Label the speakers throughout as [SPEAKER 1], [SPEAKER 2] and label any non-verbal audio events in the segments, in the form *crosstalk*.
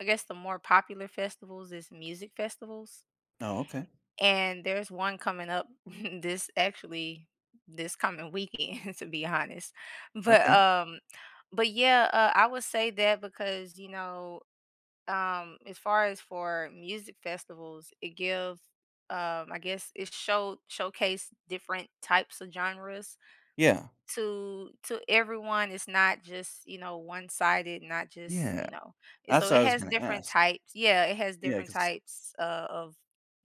[SPEAKER 1] I guess the more popular festivals is music festivals.
[SPEAKER 2] Oh, okay.
[SPEAKER 1] And there's one coming up *chuckles* this actually this coming weekend, to be honest, but,
[SPEAKER 2] Okay.
[SPEAKER 1] um, but, yeah, uh, I would say that because, you know, um, as far as for music festivals, it give, um, I guess, it show showcase different types of genres
[SPEAKER 2] Yeah.
[SPEAKER 1] to to everyone, it's not just, you know, one-sided, not just,
[SPEAKER 2] Yeah.
[SPEAKER 1] you know? And so
[SPEAKER 2] That's what
[SPEAKER 1] it
[SPEAKER 2] I was
[SPEAKER 1] has
[SPEAKER 2] gonna
[SPEAKER 1] different
[SPEAKER 2] ask.
[SPEAKER 1] types yeah, it has
[SPEAKER 2] Yeah,
[SPEAKER 1] different
[SPEAKER 2] 'cause
[SPEAKER 1] types o of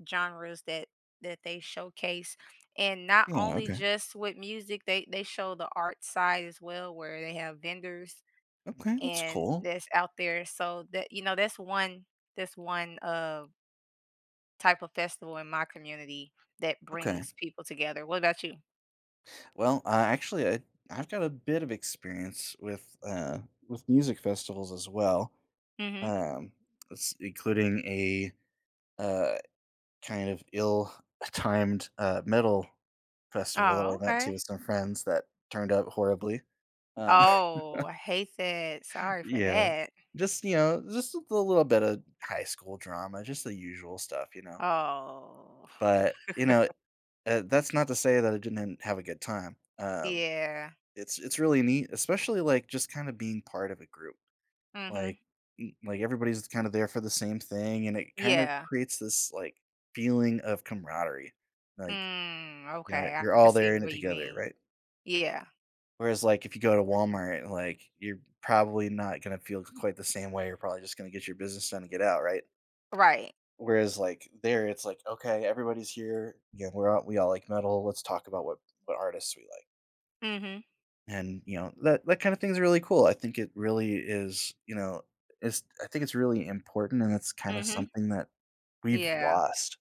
[SPEAKER 1] genres that that they showcase, and not
[SPEAKER 2] Yeah,
[SPEAKER 1] only
[SPEAKER 2] okay.
[SPEAKER 1] just with music, they they show the art side as well where they have vendors,
[SPEAKER 2] Okay, that's
[SPEAKER 1] and
[SPEAKER 2] cool.
[SPEAKER 1] that's out there, so, that you know, that's one that's one, of type of festival in my community that
[SPEAKER 2] Okay.
[SPEAKER 1] brings people together, what about you?
[SPEAKER 2] Well, I actually, I I've got a bit of experience with, uh, with music festivals as well,
[SPEAKER 1] Mhm.
[SPEAKER 2] um, s including a, uh, kind of ill *scoffs* timed, uh, metal festival
[SPEAKER 1] Oh,
[SPEAKER 2] that I went to
[SPEAKER 1] okay.
[SPEAKER 2] with some friends that turned out horribly, um
[SPEAKER 1] Oh,
[SPEAKER 2] *laughs*
[SPEAKER 1] I hate that, sorry for
[SPEAKER 2] Yeah,
[SPEAKER 1] that.
[SPEAKER 2] just, you know, just a little bit of high school drama, just the usual stuff, you know.
[SPEAKER 1] Oh.
[SPEAKER 2] But, you know,
[SPEAKER 1] *chuckles*
[SPEAKER 2] uh, that's not to say that I didn't have a good time, um,
[SPEAKER 1] Yeah.
[SPEAKER 2] it's it's really neat, especially, like, just kinda being part of a group.
[SPEAKER 1] Mhm.
[SPEAKER 2] Like, m like, everybody's kinda there for the same thing, and it kind of
[SPEAKER 1] Yeah.
[SPEAKER 2] creates this, like, feeling of camaraderie, like,
[SPEAKER 1] Mm,
[SPEAKER 2] ya
[SPEAKER 1] okay,
[SPEAKER 2] you're
[SPEAKER 1] I can
[SPEAKER 2] all
[SPEAKER 1] see
[SPEAKER 2] there in it
[SPEAKER 1] what you
[SPEAKER 2] together,
[SPEAKER 1] mean.
[SPEAKER 2] right?
[SPEAKER 1] Yeah.
[SPEAKER 2] Whereas, like, if you go to Walmart, like, you're probably not gonna feel q quite the same way, you're probably just gonna get your business done and get out, right?
[SPEAKER 1] Right.
[SPEAKER 2] Whereas, like, there, it's like, "Okay, everybody's here, again we're all we all like metal, let's talk about what what artists we like."
[SPEAKER 1] Mhm.
[SPEAKER 2] And, you know, that that kinda things really cool, I think it really is, you know, it's I think it's really important and it's kinda
[SPEAKER 1] Mhm.
[SPEAKER 2] something that we've
[SPEAKER 1] Yeah.
[SPEAKER 2] lost.